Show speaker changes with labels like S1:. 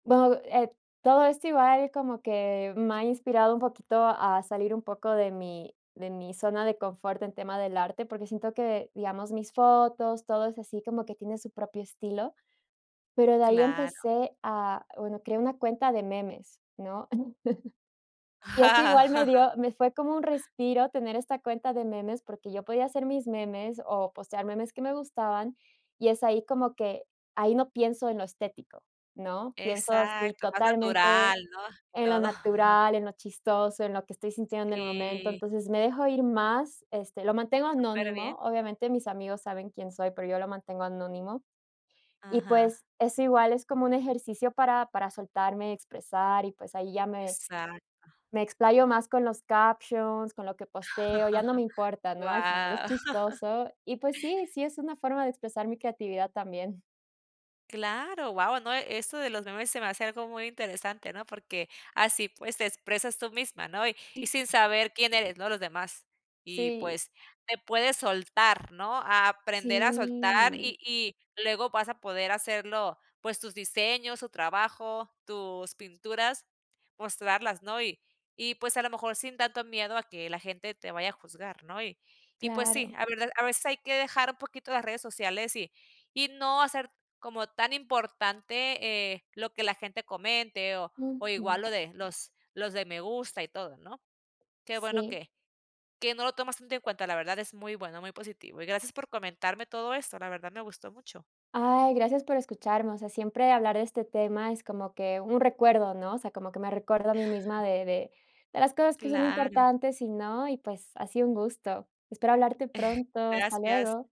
S1: Bueno, e todo esto igual como que me ha inspirado un poquito a salir un poco de mi de mi zona de confort en tema del arte, porque siento que, digamos, mis fotos, todo es así como que tiene su propio estilo, pero de ahí
S2: Claro.
S1: empecé a bueno, creé una cuenta de memes ¿no? Y así igual me dio me fue como un respiro tener esta cuenta de memes, porque yo podía hacer mis memes o postear memes que me gustaban, y es ahí como que, ahí no pienso en lo estético, ¿no?, pienso así
S2: Exacto, más
S1: totalmente
S2: natural, ¿no?, y
S1: en lo
S2: todo.
S1: natural, en lo chistoso, en lo que estoy sintiendo en el momento,
S2: Sí.
S1: entonces, me dejo ir más, este, lo mantengo
S2: Superbién.
S1: anónimo, obviamente, mis amigos saben quién soy, pero yo lo mantengo anónimo. Y,
S2: Ajá.
S1: pues, eso igual es como un ejercicio para para soltarme y expresar y, pues, ahí ya me
S2: Exacto.
S1: me explayo más con los captions, con lo que posteo, ya no me importa, ¿no?, al final, es
S2: Guau.
S1: chistoso. Y, pues sí, sí es una forma de expresar mi creatividad también.
S2: Claro, guau, no, eso de los memes se me hace algo muy interesante, ¿no? Porque así, pues, te expresas tú misma, ¿no?, y y
S1: Sí.
S2: sin saber quién eres, ¿no?, los demás. Y,
S1: Sí.
S2: pues, te puedes soltar, ¿no?, a aprender a soltar
S1: Sí.
S2: y y luego vas a poder hacerlo, pues, tus diseños, tu trabajo, tus pinturas, mostrarlas, ¿no? Y y pues, a lo mejor, sin tanto miedo a que la gente te vaya a juzgar, ¿no? Y y pues sí,
S1: Claro.
S2: a vedad a veces, hay que dejar un poquito las redes sociales y y no hacer como tan importante, eh, lo que la gente comente o o igual
S1: Ujú.
S2: lo de los los de me gusta y todo, ¿no? Qué bueno
S1: Sí.
S2: que que no lo tomas tanto en cuenta, la verdad, es muy bueno, muy positivo. Y gracias por comentarme todo eso, la verdad me gustó mucho.
S1: Ay, gracias por escucharme, o sea, siempre hablar de este tema es como que un recuerdo, ¿no? O sea, como que me recuerdo a mí misma de de de las cosas que son
S2: Claro.
S1: importantes y no, y, pues, ha sido un gusto. Espero hablarte pronto, hasta
S2: Gracias.
S1: luego.